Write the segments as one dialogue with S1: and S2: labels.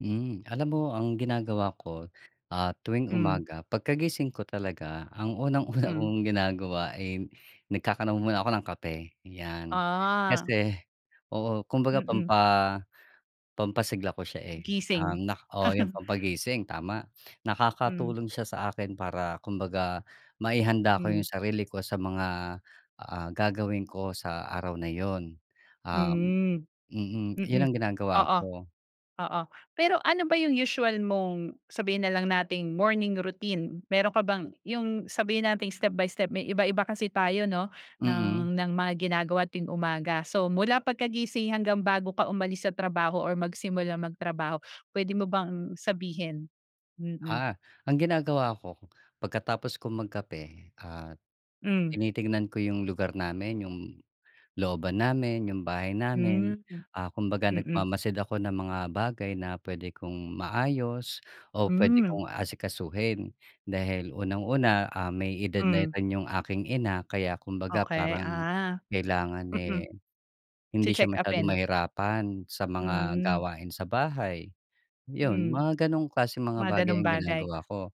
S1: Hmm, alam mo ang ginagawa ko, ah, tuwing
S2: Hmm.
S1: umaga, pagkagising ko talaga ang unang-una
S2: Hmm.
S1: kong ginagawa ay nagkakanaw muna ako ng kape, 'yan.
S2: Ah.
S1: Kasi oo, kumbaga
S2: Mm.
S1: pampa pampasigla ko siya, eh,
S2: Gising.
S1: um, nak oo yung pampagising, tama.
S2: Hmm.
S1: Nakakatulong siya sa akin para kumbaga, maihanda ko
S2: Hmm.
S1: yung sarili ko sa mga, ah, gagawin ko sa araw na yun, um
S2: Hmm,
S1: mm, yun
S2: mm,
S1: ang ginagawa
S2: oo.
S1: ko.
S2: Oo, pero ano ba yung usual mong sabihin na lang nating morning routine, mayro'n ka bang yung sabihin nating step by step. May iba-iba kasi tayo 'no
S1: Mm.
S2: ng ng mga ginagawa tuwing umaga. So, mula pagkagising hanggang bago ka umalis sa trabaho or magsimulang magtrabaho, puwede mo bang sabihin? Mm.
S1: Ah. Ang ginagawa ko pagkatapos kong magkape, ah,
S2: Hmm.
S1: tinitignan ko yung lugar namin, yung looban namin, yung bahay
S2: Hmm,
S1: namin, ah, kumbaga
S2: mm.
S1: nagmamasid ako ng mga bagay na puwede kong maayos o puwede
S2: Hmm.
S1: kong asikasuhin. Dahil unang-una, ah, may edad na
S2: Hmm.
S1: rin yung aking ina kaya kumbaga
S2: Okey,
S1: parang
S2: ah.
S1: kailangan,
S2: Mm.
S1: eh, hindi siya masyadong
S2: Che-check-upin?
S1: mahirapan sa mga
S2: Hmm.
S1: gawain sa bahay, 'yon.
S2: Hmm.
S1: Mga gano'ng klaseng mga
S2: Mga
S1: bagay
S2: gano'ng
S1: ang
S2: bagay?
S1: ginagawa ko.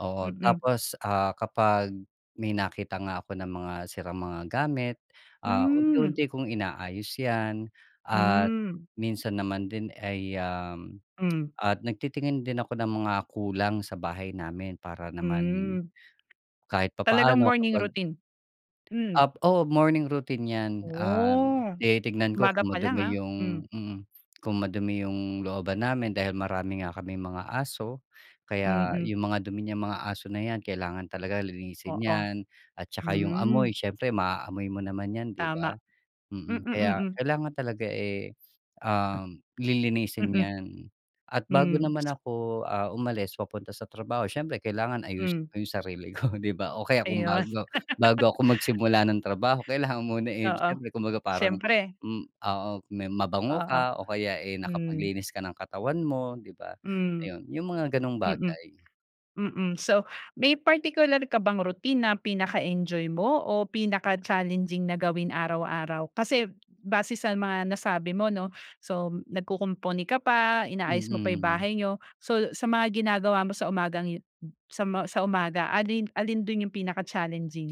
S1: Oo.
S2: Mm.
S1: Tapos, ah, kapag may nakita nga ako ng mga sirang mga gamit, ah,
S2: Hmm.
S1: unti-unti kong inaayos 'yan at
S2: Mm.
S1: minsan naman din ay, um,
S2: Hmm.
S1: at nagtitingin din ako ng mga kulang sa bahay namin para naman
S2: Hmm.
S1: kahit
S2: Talagang
S1: papaano
S2: morning
S1: kapag
S2: routine, mm.
S1: Ah, oo, morning routine 'yan. Um,
S2: Oh!
S1: tinitignan ko
S2: Umaga
S1: kung
S2: palang, ah,
S1: madumi yung
S2: hmm.
S1: mm. Kung madumi yung looban namin dahil marami nga kaming mga aso kaya
S2: Mm.
S1: yung mga dumi niyang mga aso na 'yan kailangan talaga linisin
S2: Oo,
S1: 'yan at tsaka yung amoy,
S2: mm.
S1: siyempre maaamoy mo naman yan, 'di
S2: Tama.
S1: ba?
S2: Mm,
S1: Mm, kaya
S2: mm.
S1: kailangan talaga, eh, um, lilinisin 'yan. At bago
S2: Mm, hmm.
S1: naman
S2: So
S1: ako, ah, umalis papunta sa trabaho siyempre, kailangan ayusin
S2: Hmm.
S1: ko yung sarili ko, di ba? O kaya kung
S2: Ayun.
S1: bago bago ako magsimula ng trabaho kailangan muna, eh,
S2: Oo,
S1: siyempre kumbaga parang,
S2: siyempre.
S1: mm oo, may mabango
S2: Oo,
S1: ka o kaya, eh,
S2: hmm.
S1: nakapaglinis ka ng katawan mo, di ba?
S2: Hmm.
S1: Ayun, yung mga gano'ng
S2: Mm,
S1: bagay.
S2: mm. So, may partikular ka bang routine na pinaka-enjoy mo o pinaka-challenging na gawin araw-araw. Kasi base sa mga nasabi mo 'no, so nagkukumpuni ka pa, inaayos mo pa yung
S1: Mm.
S2: bahay niyo. So, sa mga ginagawa mo sa umagang yu sa ma sa umaga, alin alin do'n yung pinaka-challenging?